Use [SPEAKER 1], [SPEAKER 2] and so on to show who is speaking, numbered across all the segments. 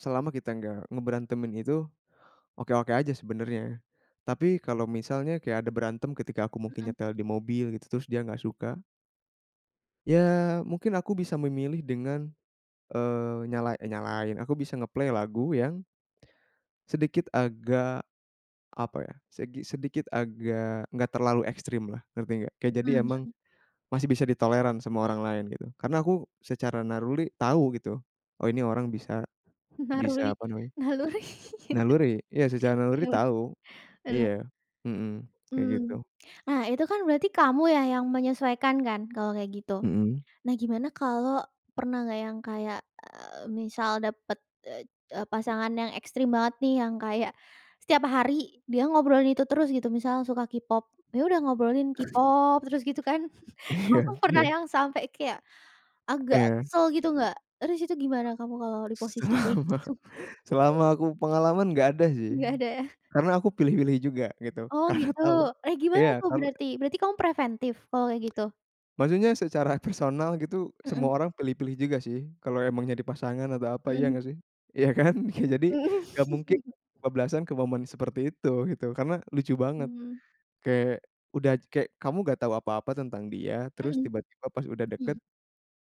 [SPEAKER 1] Selama kita nggak ngeberantemin itu, oke-oke aja sebenernya. Tapi kalau misalnya kayak ada berantem ketika aku mungkin
[SPEAKER 2] Mhm.
[SPEAKER 1] nyetel di mobil gitu, terus dia nggak suka ya mungkin aku bisa memilih dengan, eee, nyala eh, nyalain, aku bisa nge-play lagu yang sedikit agak, apa ya seki sedikit agak enggak terlalu ekstrim lah, ngerti enggak? Ya jadi kayak jadi
[SPEAKER 2] Mmm,
[SPEAKER 1] emang
[SPEAKER 2] mhm.
[SPEAKER 1] masih bisa ditolerant sama
[SPEAKER 2] Iya.
[SPEAKER 1] orang lain gitu. Karena aku secara naruli tahu gitu, oh ini orang bisa,
[SPEAKER 2] Naruli,
[SPEAKER 1] bisa apa namanya
[SPEAKER 2] Naluri.
[SPEAKER 1] naluri iya secara naluri
[SPEAKER 2] Yaudah,
[SPEAKER 1] tahu.
[SPEAKER 2] mhm.
[SPEAKER 1] Iya, mhm, kayak
[SPEAKER 2] Mmm,
[SPEAKER 1] gitu.
[SPEAKER 2] nah, itu kan berarti kamu ya yang menyesuaikan kan kalau kayak gitu.
[SPEAKER 1] Mhm.
[SPEAKER 2] Nah, gimana kalau pernah nggak yang kayak, eee, misal dapet, eee, pasangan yang ekstrim banget nih, yang kayak setiap hari dia ngobrolin itu terus gitu, misalnya suka K-Pop, ya udah ngobrolin K-Pop terus gitu kan? Kamu
[SPEAKER 1] Iya
[SPEAKER 2] pernah
[SPEAKER 1] iya.
[SPEAKER 2] yang sampai kayak agak
[SPEAKER 1] Iya.
[SPEAKER 2] kesel gitu nggak? Terus itu gimana kamu kalau di posisi kayak
[SPEAKER 1] Selama
[SPEAKER 2] gitu?
[SPEAKER 1] selama aku pengalaman gak ada sih.
[SPEAKER 2] Nggak ada ya?
[SPEAKER 1] Karena aku pilih-pilih juga gitu,
[SPEAKER 2] Oh,
[SPEAKER 1] karena
[SPEAKER 2] gitu.
[SPEAKER 1] tahu.
[SPEAKER 2] Eh, gimana
[SPEAKER 1] Iya,
[SPEAKER 2] tuh
[SPEAKER 1] kalau
[SPEAKER 2] berarti? Berarti kamu preventif kalau kayak gitu?
[SPEAKER 1] maksudnya secara personal gitu semua
[SPEAKER 2] Mhm.
[SPEAKER 1] orang pilih-pilih juga sih. Kalau emang jadi pasangan atau apa iya
[SPEAKER 2] Mhm.
[SPEAKER 1] nggak sih? Ya kan? Jadi nggak mungkin kebablasan ke momen seperti itu, gitu. Karena lucu banget
[SPEAKER 2] Hmm.
[SPEAKER 1] kayak udah kayak kamu gak tahu apa-apa tentang dia, terus
[SPEAKER 2] Mhm,
[SPEAKER 1] tiba-tiba pas udah deket,
[SPEAKER 2] hmm.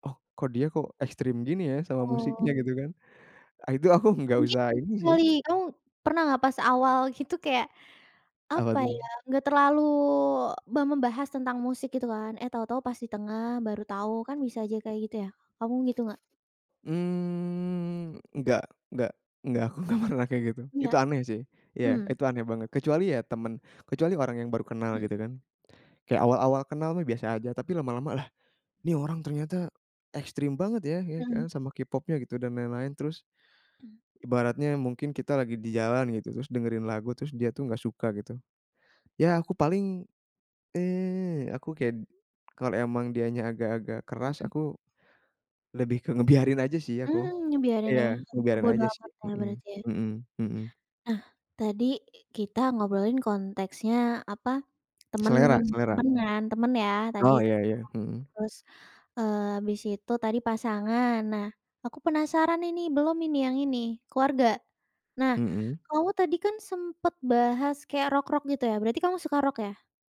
[SPEAKER 1] "Oh kok dia kok ekstrim gini ya sama musiknya"
[SPEAKER 2] Oh.
[SPEAKER 1] gitu kan, itu aku enggak
[SPEAKER 2] Mungkin
[SPEAKER 1] usah ini
[SPEAKER 2] ini
[SPEAKER 1] sih.
[SPEAKER 2] kali, kamu pernah nggak pas awal gitu kayak,
[SPEAKER 1] Apa
[SPEAKER 2] apa ya
[SPEAKER 1] tuh?
[SPEAKER 2] nggak terlalu mem membahas tentang musik gitu kan? Eh, tahu-tahu pas di tengah, baru tahu kan bisa aja kayak gitu ya? Kamu begitu nggak?
[SPEAKER 1] Mmm, enggak enggak enggak aku enggak pernah kayak gitu.
[SPEAKER 2] Iya,
[SPEAKER 1] Itu aneh sih. Iya,
[SPEAKER 2] hmm.
[SPEAKER 1] itu aneh banget. Kecuali ya temen kecuali orang yang baru kenal
[SPEAKER 2] Mhm.
[SPEAKER 1] gitu kan? Kayak awal-awal kenal mah biasa aja tapi lama-lama lah ini orang ternyata ekstrim banget ya ya ya
[SPEAKER 2] Mhm.
[SPEAKER 1] sama K-Pop-nya gitu dan lain-lain. Terus, ibaratnya mungkin kita lagi di jalan gitu, terus dengerin lagu terus dia tuh nggak suka gitu, ya aku paling, eee, aku kayak kalau emang dianya agak-agak keras
[SPEAKER 2] Mhm.
[SPEAKER 1] aku lebih ke ngebiarin aja sih aku
[SPEAKER 2] Hmm, ngebiarin ya?
[SPEAKER 1] iya ngebiarin
[SPEAKER 2] Bodo
[SPEAKER 1] aja sih,
[SPEAKER 2] amat ya
[SPEAKER 1] mhm
[SPEAKER 2] berarti ya?
[SPEAKER 1] mhm mhm.
[SPEAKER 2] Nah, tadi kita ngobrolin konteksnya, apa, temen,
[SPEAKER 1] Selera selera.
[SPEAKER 2] temen kan temen ya tadi.
[SPEAKER 1] Oh, iya iya, mhm.
[SPEAKER 2] Terus, eee, habis itu tadi pasangan. Nah, aku penasaran ini belum ini yang ini, keluarga. Nah,
[SPEAKER 1] Mhm.
[SPEAKER 2] kamu tadi kan sempet bahas kayak rock-rock gitu ya? Berarti kamu suka rock ya?